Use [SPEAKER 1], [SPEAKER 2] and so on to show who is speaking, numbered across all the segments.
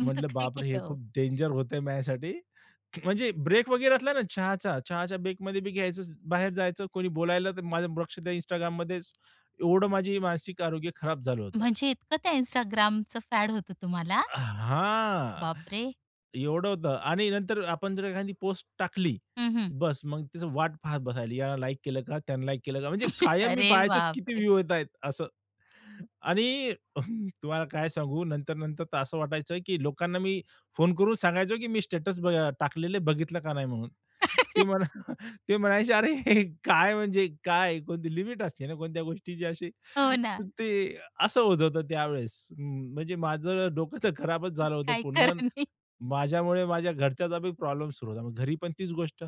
[SPEAKER 1] मग
[SPEAKER 2] म्हंटलं
[SPEAKER 1] काय
[SPEAKER 2] बापरे हे
[SPEAKER 1] केलं हो?
[SPEAKER 2] खूप डेंजर होतं आहे माझ्यासाठी. म्हणजे ब्रेक वगैरे असला ना चहाचा. चहाच्या ब्रेकमध्ये मी घ्यायचं, बाहेर जायचं कोणी बोलायला, तर माझं लक्ष त्या Instagramमध्येच. एवढं माझं मानसिक आरोग्य खराब झालं होतं.
[SPEAKER 1] म्हणजे इतकं त्या Instagramचं फॅड होतं तुम्हाला?
[SPEAKER 2] अ, हां,
[SPEAKER 1] बापरे!
[SPEAKER 2] एवढं होतं. आणि नंतर आपण जर एखादी पोस्ट टाकली
[SPEAKER 1] हं, हं.
[SPEAKER 2] बस, मग तिचं वाट पाहत बसायला. यानं लाइक केलं का, त्यानं लाइक केलं का? म्हणजे कायम मी
[SPEAKER 1] अरे
[SPEAKER 2] पाहायचो किती
[SPEAKER 1] बापरे!
[SPEAKER 2] व्ह्यू येतायत असं. आणि अ, तुम्हाला काय सांगू, नंतर, नंतर तर असं वाटायचं की लोकांना मी फोन करून सांगायचो की मी स्टेटस ब अ, टाकलेलं आहे बघितलं का नाही म्हणून. ते म्हणा, ते म्हणायचे, अरे काय, म्हणजे काय कोणती लिमिट असते ना कोणत्या गोष्टीची अशी,
[SPEAKER 1] हो ना.
[SPEAKER 2] ते असं होत होतं त्यावेळेस. अं, म्हणजे माझं डोकं तर खराबच झालं होतं
[SPEAKER 1] काही
[SPEAKER 2] पूर्ण.
[SPEAKER 1] खरं नाही.
[SPEAKER 2] माझ्यामुळे माझ्या घरच्याचाबी प्रॉब्लेम सुरु होता. मग घरी पण तीच गोष्ट,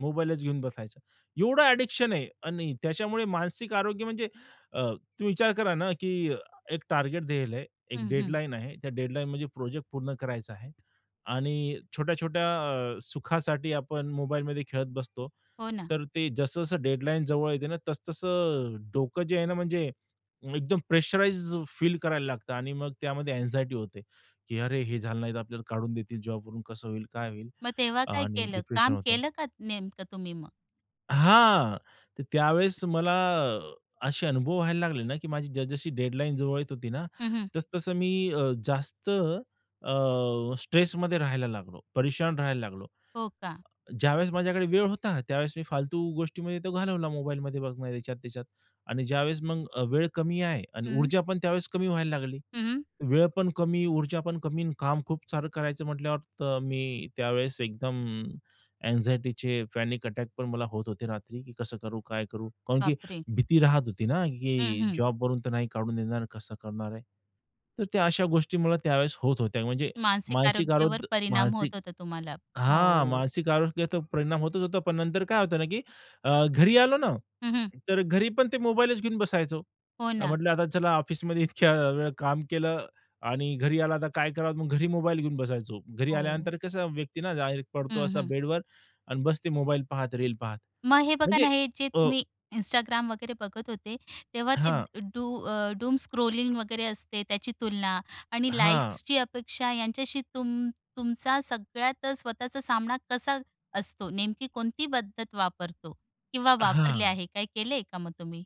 [SPEAKER 2] मोबाईलच घेऊन बसायचं. एवढं अ‍ॅडिक्शन आहे आणि त्याच्यामुळे मानसिक आरोग्य म्हणजे अ, तुम्ही विचार करा ना, की एक टार्गेट दिलं आहे, एक
[SPEAKER 1] हं, हं.
[SPEAKER 2] डेडलाईन आहे. त्या डेडलाईन म्हणजे प्रोजेक्ट पूर्ण करायचा आहे आणि छोट्या-छोट्या अ, सुखासाठी आपण मोबाईलमध्ये खेळत बसतो.
[SPEAKER 1] हो ना.
[SPEAKER 2] तर ते जसं-जसं डेडलाईन जवळ येते ना, तसं-तसं अ, डोकं जे आहे ना, म्हणजे एकदम प्रेशराइज्ड फील करायला लागतं आणि मग त्यामध्ये अँग्झायटी होते, की अरे हे झालं नाही, तर आपल्याला काढून देतील जॉबवरून. कसं होईल काय होईल?
[SPEAKER 1] मग तेव्हा काय
[SPEAKER 2] आणि
[SPEAKER 1] केलं?
[SPEAKER 2] डिप्रेशन
[SPEAKER 1] काम
[SPEAKER 2] होतं.
[SPEAKER 1] केलं का नेमकं तुम्ही मग?
[SPEAKER 2] हां. तर त्यावेळेस मला असे अनुभव व्हायला लागले ना, की माझी जस जशी डेडलाईन जवळ येत होती ना,
[SPEAKER 1] हं, हं.
[SPEAKER 2] तसं-तसं मी अ, जास्त अ, स्ट्रेसमध्ये राहायला लागलो, परेशान राहायला लागलो.
[SPEAKER 1] हो का?
[SPEAKER 2] ज्यावेळेस माझ्याकडे वेळ होता, त्यावेळेस मी फालतू गोष्टीमध्ये तो घालवला मोबाईलमध्ये बघणं याच्यात, त्याच्यात आणि ज्यावेळेस मग अ, वेळ कमी आहे आणि
[SPEAKER 1] हं.
[SPEAKER 2] ऊर्जा पण त्यावेळेस कमी व्हायला लागली.
[SPEAKER 1] हं, हं.
[SPEAKER 2] वेळ पण कमी, ऊर्जा पण कमी आणि काम खूप सारं करायचं म्हटल्यावर. तर मी त्यावेळेस एकदम अँग्झायटीचे पॅनिक अटॅक पण मला होत होते रात्री, की कसं करू, काय करू कारण की
[SPEAKER 1] बापरे!
[SPEAKER 2] भीती राहत होती ना,
[SPEAKER 1] हं,
[SPEAKER 2] की
[SPEAKER 1] हं.
[SPEAKER 2] जॉबवरून तर नाही काढून देणार, कसं करणार आहे. तर त्या अशा गोष्टी मला त्यावेळेस होत होत्या. म्हणजे
[SPEAKER 1] मानसिक
[SPEAKER 2] मानसिक
[SPEAKER 1] आरोग्यावर
[SPEAKER 2] आरोग
[SPEAKER 1] परिणाम
[SPEAKER 2] मानसिक
[SPEAKER 1] होत होता तुम्हाला.
[SPEAKER 2] हां,
[SPEAKER 1] हो.
[SPEAKER 2] मानसिक आरोग्याचा परिणाम होतोच होतो. पण नंतर काय होतं ना, की अ, घरी आलो ना,
[SPEAKER 1] हं, हं.
[SPEAKER 2] तर घरीपण ते मोबाईलच घेऊन बसायचो.
[SPEAKER 1] हो
[SPEAKER 2] अ,
[SPEAKER 1] ना.
[SPEAKER 2] म्हंटलं आता चला ऑफिसमध्ये इतक्या वेळ काम केलं आणि घरी आला आता तर काय करावं. मग घरी मोबाईल घेऊन बसायचो. घरी
[SPEAKER 1] हो.
[SPEAKER 2] आल्यानंतर कसं व्यक्ती ना डायरेक्ट पडतो
[SPEAKER 1] हं,
[SPEAKER 2] असा
[SPEAKER 1] हं.
[SPEAKER 2] बेडवर आणि बसते मोबाईल पाहत, रील पाहत.
[SPEAKER 1] मग हे बघा
[SPEAKER 2] म्हणजे
[SPEAKER 1] ना, हे जे
[SPEAKER 2] अ
[SPEAKER 1] तुम्ही Instagram वगैरे बघत होते, तेव्हा ते
[SPEAKER 2] हां.
[SPEAKER 1] डू अ, डूमस्क्रॉलिंग वगैरे असते त्याची तुलना आणि
[SPEAKER 2] हां.
[SPEAKER 1] लाइक्सची अपेक्षा यांच्याशी तुम तुमचा सगळ्यात स्वतःचा सामना कसा असतो, नेमकी कोणती पद्धत वापरतो किंवा वापरले
[SPEAKER 2] हां.
[SPEAKER 1] आहे, काय केलेले आहे का मग तुम्ही?